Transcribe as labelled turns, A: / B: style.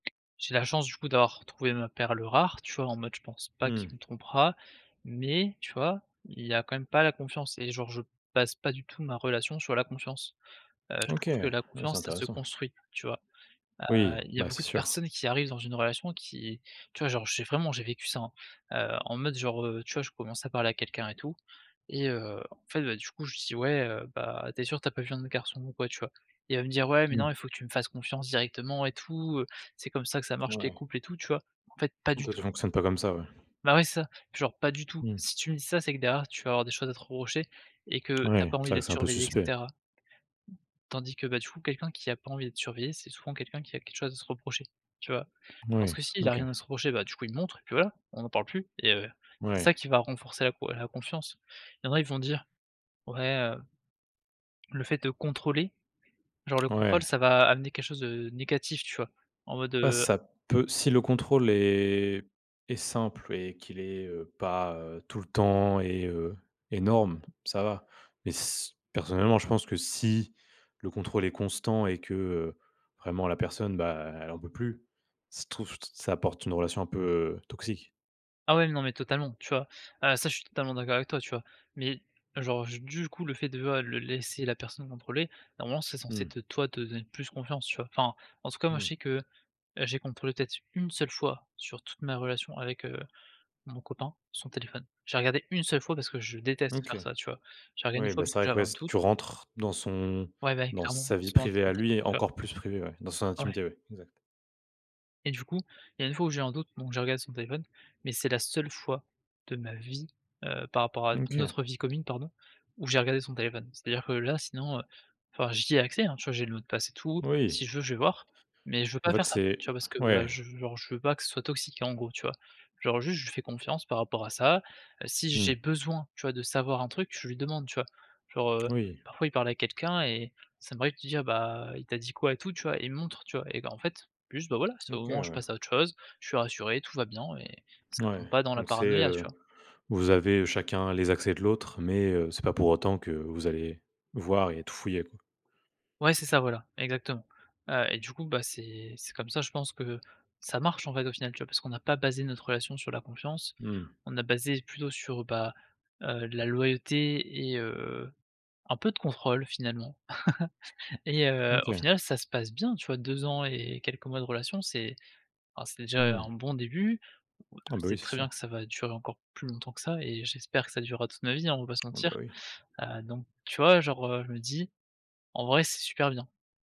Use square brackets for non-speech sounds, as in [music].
A: J'ai la chance, du coup, d'avoir trouvé ma perle rare, tu vois, en mode, je pense pas
B: Mmh.
A: qu'il me trompera mais, tu vois, il y a quand même pas la confiance et genre, je base pas du tout ma relation sur la confiance. Heu, je
B: OK.
A: trouve que la
B: Oui, c'est
A: confiance, ça se
B: intéressant.
A: construit, tu vois? Heu,
B: Oui.
A: il y a
B: Bah, c'est
A: beaucoup de
B: sûr.
A: personnes qui arrivent dans une relation qui tu vois, genre, j'ai vraiment j'ai vécu ça, hein, heu, en mode, genre, heu, tu vois, je commence à parler à quelqu'un et tout et heu, en fait, bah, du coup, je dis: «Ouais, heu, bah, tu es sûr, tu as pas vu un autre garçon ou quoi?», tu vois, il va me dire: «Ouais, mais non,
B: Mmh.
A: il faut que tu me fasses confiance directement et tout, heu, c'est comme ça que ça marche les
B: Ouais.
A: couples» et tout, tu vois? En fait, pas du
B: Toi,
A: tout
B: tu fonctionnes pas comme ça? Ouais.
A: Bah, ouais, c'est ça. Genre, pas du tout.
B: Mmh.
A: Si tu me dis ça, c'est que derrière, tu vas avoir des choses à te reprocher et que tu as
B: Ouais.
A: pas
B: C'est
A: envie
B: vrai que
A: d'être
B: c'est un peu
A: surveillé et
B: suspect.
A: cetera tandis que, bah, du coup, quelqu'un qui a pas envie d'être surveillé, c'est souvent quelqu'un qui a quelque chose à se reprocher, tu vois, parce
B: Oui.
A: que s'il a
B: OK.
A: rien à se reprocher, bah, du coup, il montre et puis, voilà, on n'en parle plus et heu, c'est
B: Ouais.
A: ça qui va renforcer la co la confiance. Il y en a, ils vont dire: «Ouais, heu, le fait de contrôler, genre, le
B: Ouais.
A: contrôle, ça va, amener quelque chose de négatif», tu vois, en mode,
B: Ah,
A: heu
B: ça peut si le contrôle est est simple et qu'il est, heu, pas, heu, tout le temps et heu, énorme, ça va mais s personnellement, je pense que si le contrôle est constant et que, heu, vraiment la personne, bah, elle en peut plus. Je trouve ça apporte une relation un peu, heu, toxique.
A: Ah ouais, non, mais totalement, tu vois? Heu, ça, je suis totalement d'accord avec toi, tu vois? mais, genre, je du coup, le fait de voilà, le laisser la personne contrôler, normalement, c'est censé
B: Mmh.
A: te toi, te te donner plus confiance, tu vois? Enfin, en tout cas, moi, je
B: Mmh.
A: sais que j'ai contrôlé peut-être, 1 seule fois sur toute ma relation avec, heu, mon copain, son téléphone. J'ai regardé 1 seule fois parce que je déteste
B: OK.
A: faire ça, tu vois. J'ai regardé 1
B: Oui,
A: fois
B: bah,
A: parce
B: c'est
A: que
B: vrai que
A: j'avais
B: ouais,
A: un doute.
B: tu rentres dans son
A: Ouais, ouais,
B: dans
A: clairement,
B: sa
A: dans
B: vie
A: son
B: privée à
A: intimité,
B: lui,
A: tu vois?
B: encore plus privée, ouais, dans son
A: Ouais.
B: intimité, oui. Exact.
A: Et du coup, il y a 1 fois où j'ai eu un doute, donc j'ai regardé son téléphone mais c'est la seule fois de ma vie, heu, par rapport à
B: Mmh, OK.
A: notre vie commune, pardon, où j'ai regardé son téléphone. C'est-à-dire que là, sinon, heu, enfin, j'y ai accès, hein. Tu vois, j'ai le mot de passe et tout,
B: Oui.
A: si je veux, je vais voir mais je veux
B: En
A: pas
B: fait
A: faire ça,
B: c'est
A: tu vois, parce que
B: ouais.
A: je veux, genre, je veux pas que ce soit toxique, en gros, tu vois? Genre, juste je lui fais confiance par rapport à ça, si j'ai
B: Mmh.
A: besoin, tu vois, de savoir un truc, je lui demande, tu vois? Genre, heu,
B: Oui.
A: parfois il parle à quelqu'un et ça m'arrive de lui dire: «Bah, il t'a dit quoi?» et tout, tu vois? Et il me montre, tu vois? Et bah, en fait, juste, bah, voilà, c'est au
B: OK,
A: moment où je
B: ouais.
A: passe à autre chose, je suis rassuré, tout va bien et ça
B: Ouais,
A: tombe pas dans la
B: donc c'est,
A: paranoïa, tu
B: heu,
A: vois?
B: vous avez chacun les accès de l'autre mais, heu, c'est pas pour autant que vous allez voir et tout fouiller, quoi.
A: Ouais, c'est ça, voilà, exactement, heu et du coup, bah, c'est c'est comme ça, je pense que ça marche, en fait, au final, tu vois, parce qu'on n'a pas basé notre relation sur la confiance,
B: Mmh mh.
A: on a basé plutôt sur, bah, heu, la loyauté et heu, un peu de contrôle, finalement [laughs] et heu, au
B: OK.
A: final, ça se passe bien, tu vois? 2 ans et quelques mois de relation, c'est ah, c'est déjà
B: Mmh.
A: un bon début. Je
B: Ah, bah,
A: sais
B: oui, c'est
A: très bien que
B: sûr.
A: ça va durer encore plus longtemps que ça et j'espère que ça durera toute ma vie, hein, on va pas se
B: Ah, bah,
A: mentir,
B: oui.
A: heu, donc tu vois, genre, heu, je me dis: «En vrai, c'est super bien!»